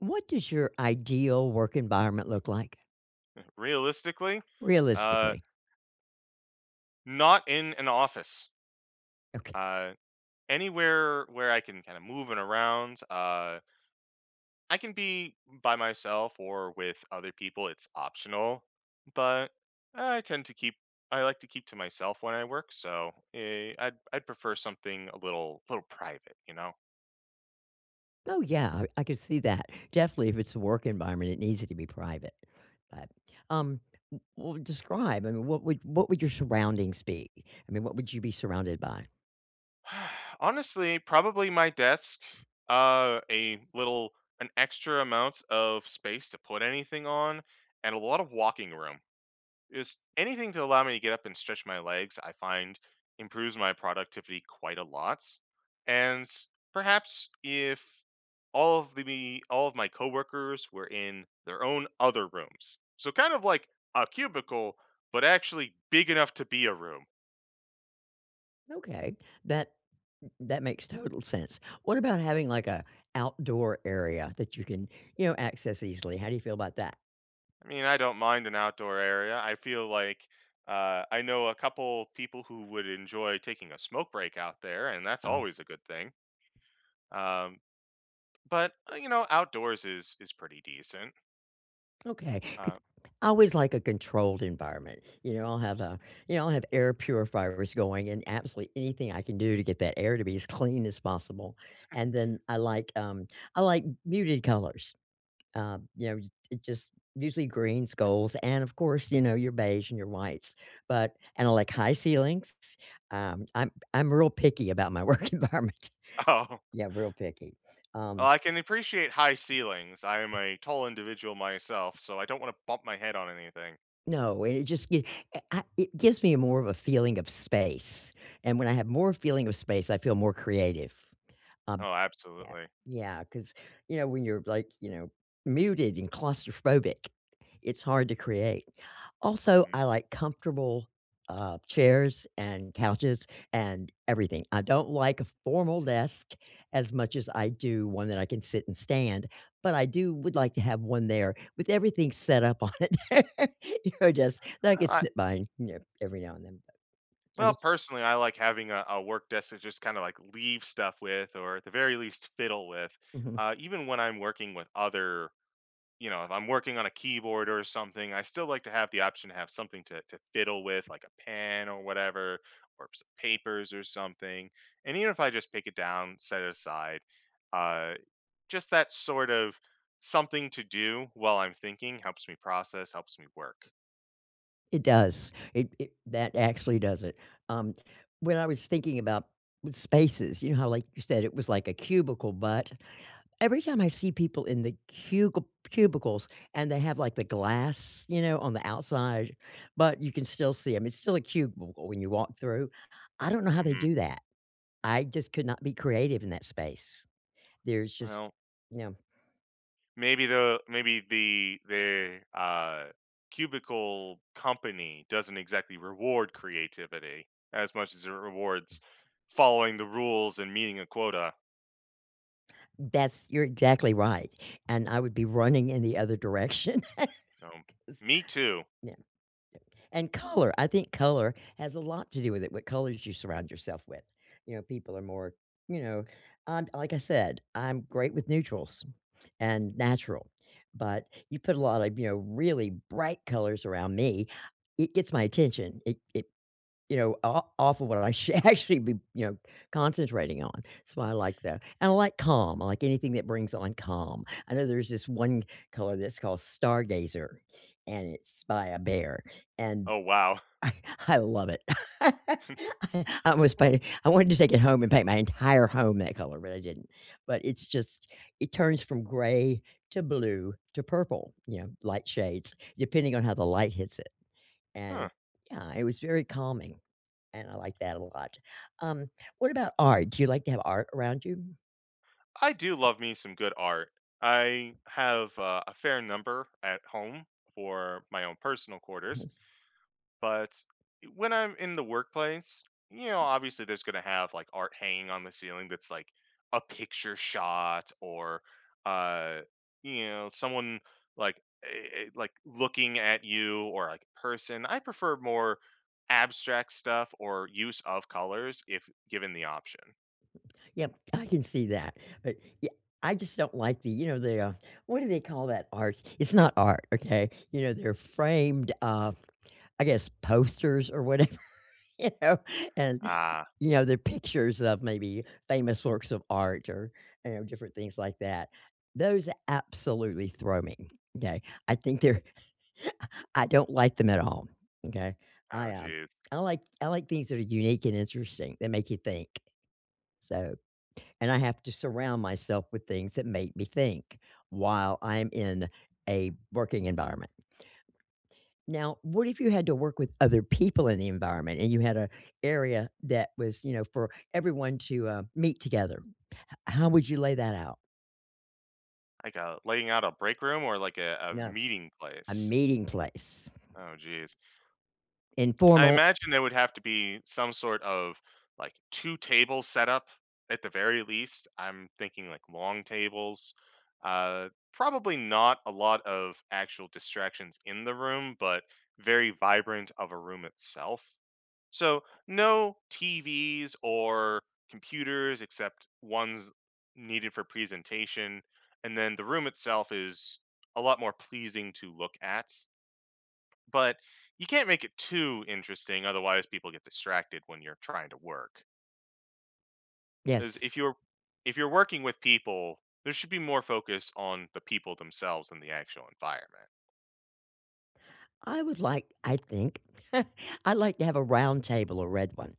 What does your ideal work environment look like? Mm. Realistically? Uh Realistically. not in an office. Okay. Uh, anywhere where I can kinda moving around, uh I can be by myself or with other people, it's optional, but I tend to keep I like to keep to myself when I work, so i I'd I'd prefer something a little a little private. You know? Oh, yeah, er, I could see that. Definitely, if it's a work environment, it needs it to be private. But, um, w well, describe I mean, what would what would your surroundings be? I mean, what would you be surrounded by? Honestly, probably my desk, uh, a little an extra amount of space to put anything on, and a lot of walking room. Just anything to allow me to get up and stretch my legs, I find improves my productivity quite a lot, and, perhaps if all of the me all of my coworkers were in their own other rooms, so kind of like a cubicle, but actually big enough to be a room. Okay, that m that makes total sense. What about having, like, a outdoor area that you can, you know, access easily, how do you feel about that? I mean, I don't mind an outdoor area, I feel like, uh, I know a couple people who would enjoy taking a smoke break out there, and that's Oh. always a good thing. Um, but, uh, you know, outdoors is is pretty decent. Okay, 'cause Uh I always like a controlled environment, you know, I'll have a you know, I'll have air purifiers going and absolutely anything I can do to get that air to be as clean as possible, and then I like, um, I like muted colors. Um, you know, y it just usually greens, golds, and, of course, you know, your beige and your whites, but and I like high ceilings, s um, I'm I'm real picky about my work environment. Oh. Yeah, real picky. Oh, Um I can appreciate high ceilings, I am a tall individual myself, so I don't wanna bump my head on anything. No, and it just gi a I it gives me more of a feeling of space, and when I have more feeling of space, I feel more creative. Um Oh, Yeah. absolutely. Yeah, 'cause, you know, when you're, like, you know, muted and claustrophobic, it's hard to create, also, Mhm. I like comfortable, uh, chairs and couches and everything, I don't like a formal desk as much as I do one that I can sit and stand, but I do would like to have one there with everything set up on it. You're desk that I I could li sit behind, you know, every now and then, but I'm Well, just personally, I like having a a work desk that just kinda, like, leave stuff with or- at the very least- fiddle with, Mhm. uh, even when I'm working with other, you know if I'm working on a keyboard or something, I still like to have the option to have something to to fiddle with, like a pen or whatever, or some papers or something, and even if I just pick it down, set it aside, uh, just that sort of something to do while I'm thinking helps me process, helps me work. It does. It it that actually does it. Um, when I was thinking about spaces, you know, how, like, you said it was like a cubicle, but, every time I see people in the cugil cubicles and they have, like, the glass, you know, on the outside, but you can still see 'em- it's still a cubicle when you walk through- I don't know how they Mhm. do that. I just could not be creative in that space. There's just Well no. maybe the maybe the the, uh, cubicle company doesn't exactly reward creativity as much as it rewards following the rules and meeting a quota. That's you're exactly right, and I would be running in the other direction No. 'cause Me too. Yeah, and color I think color has a lot to do with it, what colors you surround yourself with. You know, people are more, you know? Um, like I said, I'm great with neutrals and natural, but you put a lot of, you know, really bright colors around me, it gets my attention. It it you know, o off of what I sh should actually be, you know, concentrating on. So I like that, and I like calm- I like anything that brings on calm. I know there's this one color that's called Stargazer, and it's by, uh, Behr, and Oh, wow. I I love it. I I was W planning I wanted to take it home and paint my entire home that color, but I didn't. But it's just, it turns from gray to blue to purple, you know, light shades, depending on how the light hits it, Huh. and yeah, it was very calming, and I like that a lot. Um, what about art? Do you like to have art around you? I do love me some good art. I have a a fair number at home for my own personal quarters. But, when I'm in the workplace, you know, obviously, there's gonna have, like, art hanging on the ceiling that's, like, a picture shot or, uh, you know, someone, like, a a like, looking at you or, like, a person- I prefer more abstract stuff or use of colors if given the option. Yep, I can see that, but, ye I just don't like the, you know, the, uh what do they call that art? It's not art, okay? You know, they're framed, uh, I guess, posters or whatever, you know, and, Ah. you know, they're pictures of maybe famous works of art or and different things like that. Those absolutely throw me. 'Kay? I think they're I I don't like them at all, m'kay? Oh, I, um, jeez. I like I like things that are unique and interesting, that make you think. So and I have to surround myself with things that make me think while I'm in a working environment. Now, what if you had to work with other people in the environment and you had a area that was, you know, for everyone to, uh, meet together? H how would you lay that out? Like a laying out a break room or like a a No. meeting A place? meeting place. Oh, jeez. I Informal imagine there would have to be some sort of, like, two-table setup at the very least, I'm thinking like long tables, uh, probably not a lot of actual distractions in the room, but very vibrant of a room itself, so no TVs or computers, except ones needed for presentation, and then the room itself is a lot more pleasing to look at. But you can't make it too interesting, otherwise people get distracted when you're trying to work. As Yes. if you're if you're working with people, there should be more focus on the people themselves than the actual environment. I would like I think I'd like to have a round table- a red one-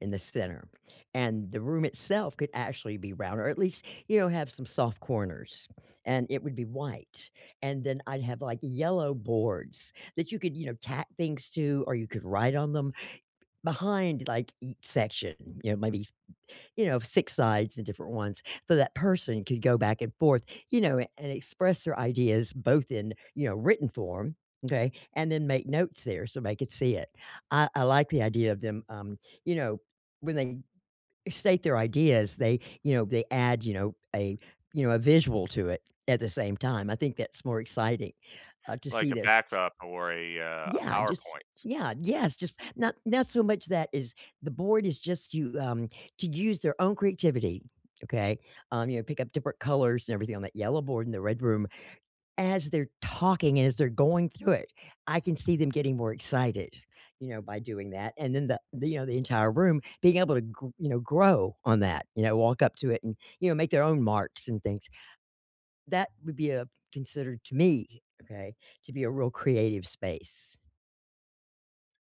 in the center, and the room itself could actually be round or at least, you know, have some soft corners, and it would be white, and then I'd have, like, yellow boards that you could, you know, tack things to or you could write on them behind, like, each section, you know, maybe, you know, 6 sides, the different ones, so that person could go back and forth, you know, and express their ideas both in, you know, written form, okay? And then make notes there so they could see it. I I like the idea of them, um, you know, when they state their ideas, they, you know, they add, you know, a you know, a visual to it at the same time, I think that's more exciting, uh, to Like see a this. backup or a, uh, a Yeah, just PowerPoint. yeah, yes, just not not so much that is the board is just to, um, to use their own creativity, okay? Um, you know, pick up different colors and everything on that yellow board in the red room. As they're talking, as they're going through it, I can see them getting more excited, you know, by doing that, and then the the, you know, the entire room being able to gr you know, grow on that, you know, walk up to it and, you know, make their own marks and things. That would be, uh, considered to me, okay, to be a real creative space.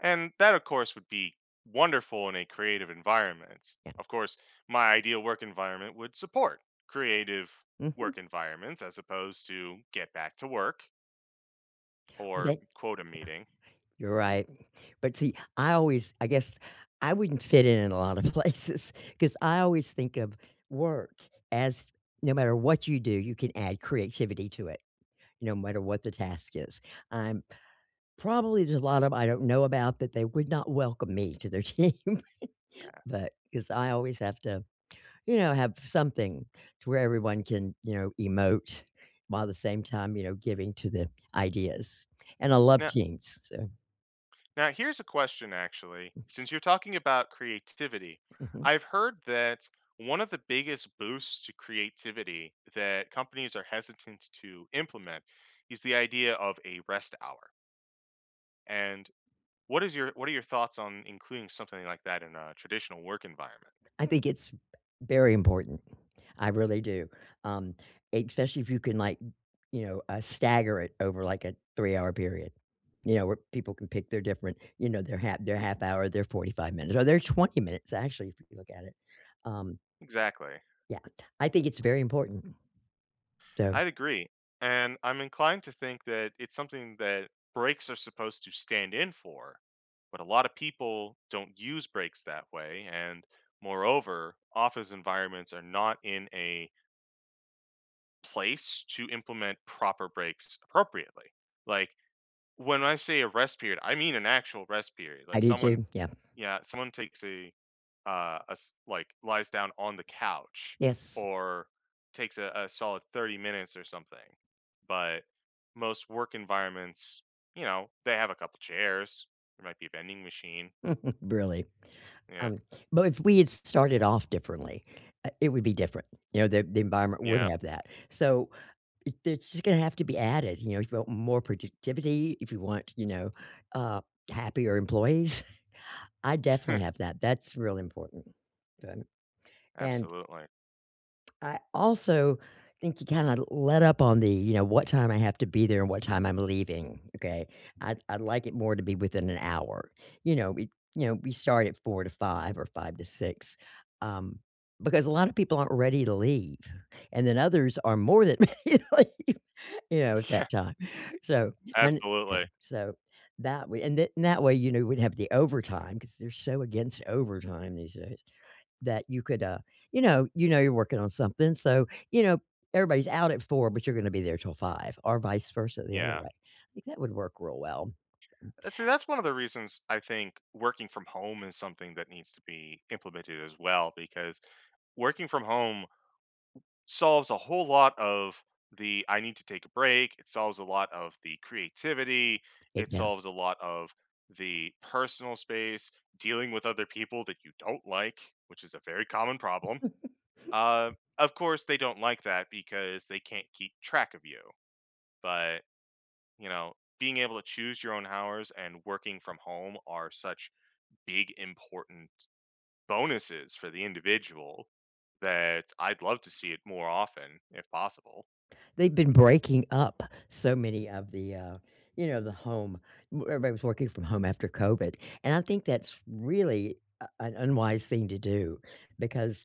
And that, of course, would be wonderful in a creative environment, Yeah. of course, my ideal work environment would support creative Mhm. work environments as opposed to "get back to work" W or they? Yeah. quota meeting. You're right, but see, I always, I guess, I wouldn't fit in in a lot of places 'cause I always think of work as no matter what you do, you can add creativity to it no matter what the task is, I'm probably, there's a lot of I don't know about that they would not welcome me to their team, Yeah. but 'cause I always have to, you know, have something to where everyone can, you know, emote while at the same time, you know, giving to the ideas, and I love Now teams, so Now here's a question actually: Mm. since you're talking about creativity, Mhm. I've heard that one of the biggest boosts to creativity that companies are hesitant to implement is the idea of a rest hour. And what is your what are your thoughts on including something like that in a traditional work environment? I think it's very important, I really do, um, especially if you can, like, n you know, uh, stagger it over, like, a 3-hour period, you know, where people can pick their different, you know, their half their 1/2 hour, their 45 minutes, or their 20 minutes, actually, if you look at it. Um Exactly. Yeah, I think it's very important. So I'd agree, and I'm inclined to think that it's something that breaks are supposed to stand in for, but a lotta people don't use breaks that way, and moreover, office environments are not in a place to implement proper breaks appropriately. Like, when I say a rest period, I mean an actual rest period, I like, do someone too, yeah. Yeah, someone takes a uh, a s like, lies down on the couch Yes. or takes a a solid 30 minutes or something, but most work environments, you know, they have a couple chairs, there might be a vending machine. Really? Yeah. Um, but if we had s started off differently, uh, it would be different, you know, the the environment would Yeah. have that, so it it's just gonna have to be added, you know, if you want more productivity, if you want, you know, uh, happier employees, I'd definitely have that, that's really important. Then and Absolutely. I also think you kinda let up on the, you know, "what time I have to be there and what time I'm leaving," okay? I'd I'd like it more to be within an hour, you know, we you know, we start at 4 to 5 or 5 to 6, um, because a lot of people aren't ready to leave, and then others are more than ready to leave, you know, at Yeah. that time, so and Yeah, Absolutely. so that way and then that way, you know, we'd have the overtime- 'cause they're so against overtime these days- that you could, uh, you know you know, you're working on something, so, you know, everybody's out at 4 but you're gonna be there till 5 or vice-versa the other Yeah. way, I think that would work real well. Uh, see, that's one of the reasons I think working from home is something that needs to be implemented as well, because working from home solves a whole lot of the "I need to take a break," it solves a lot of the creativity, It it does. solves a lot of the personal space, dealing with other people that you don't like- which is a very common problem- um, of course, they don't like that because they can't keep track of you, but, you know, being able to choose your own hours and working from home are such big important bonuses for the individual that I'd love to see it more often, if possible. They've been breaking up so many of the, uh, you know, the home w everybody was working from home after COVID, and I think that's really a an unwise thing to do because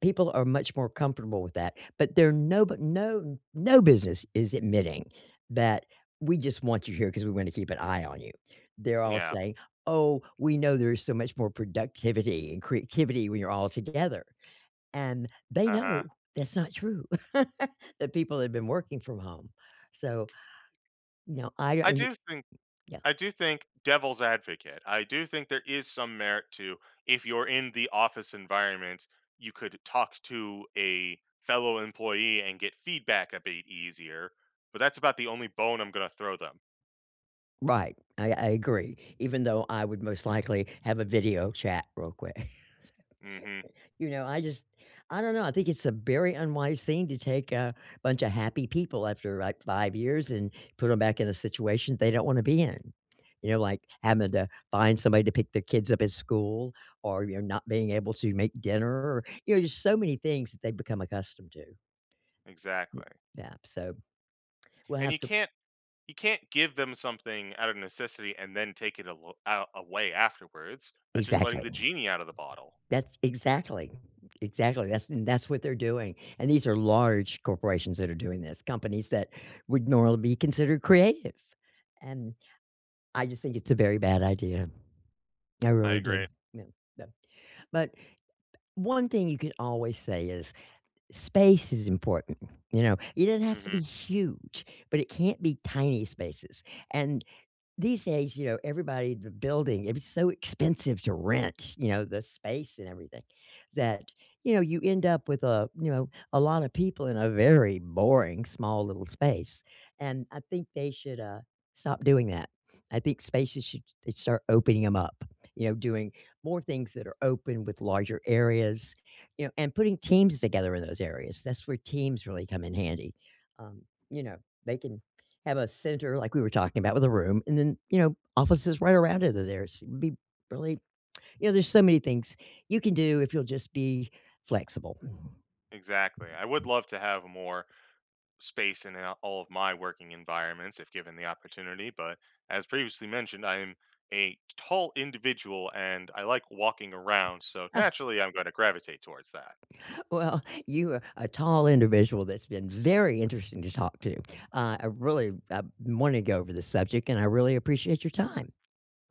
people are much more comfortable with that, but there are no bu no no business is admitting that "we just want you here 'cause we're gonna keep an eye on you." They're all Yeah. saying, "Oh, we know there's so much more productivity and creativity when you're all together," and they Uh-huh. know that's not true, that people have been working from home. So, you know, I I and i do think yeah. I do think, devil's advocate, I do think there is some merit to, if you're in the office environment, you could talk to a fellow employee and get feedback a bit easier, but that's about the only bone I'm gonna throw them. Right. I I agree. Even though I would most likely have a video chat real quick. Mhm. You know, I just, I don't know, I think it's a very unwise thing to take a bunch of happy people after, like, 5 years and put 'em back in a situation they don't wanna be in. You know, like, having to find somebody to pick their kids up at school or you're not being able to make dinner, you know, there's so many things that they've become accustomed to. Y Exactly. yeah. So, we'll And have you to can't you can't give them something out of necessity and then take it al a away afterwards. That's just letting Exactly. the genie out of the bottle. That's exactly. Exactly. That's and that's what they're doing. And these are large corporations that are doing this, companies that would normally be considered creative. And I just think it's a very bad idea. I I really agree. do. Yeah, yeah. But, one thing you can always say is space is important. You know? It doesn't have to be Mhm. huge, but it can't be tiny spaces. And these days, you know, everybody in the building, it was so expensive to rent, you know, the space and everything, that, you know, you end up with a, you know, a lot of people in a very boring, small little space, and I think they should, uh, stop doing that. I think spaces should they start opening 'em up, you know, doing more things that are open with larger areas, you know, and putting teams together in those areas. That's where teams really come in handy. Um, you know, they can have a center- like we were talking about- with a room and then, you know, offices right around it. Th there's it'd be really you know, there's so many things you can do if you'll just be flexible. Exactly. I would love to have more space in, uh, all of my working environments if given the opportunity, but, as previously mentioned, I am a tall individual, and I like walking around, so naturally, I'm gonna gravitate towards that. Well, you are a tall individual that's been very interesting to talk to. Uh, I really, uh, wanna go over this subject, and I really appreciate your time.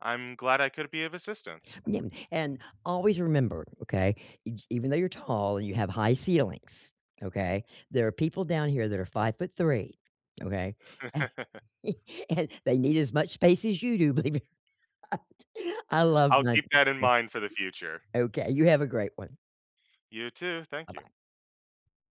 I'm glad I could be of assistance. Yeah, and always remember, okay, e even though you're tall and you have high ceilings, okay, there are people down here that are 5'3", okay? And, and they need as much space as you do, believe it or not. I love I'll my keep that in mind for the future. okay, you have a great one. You, too. Thank you. Bye-bye.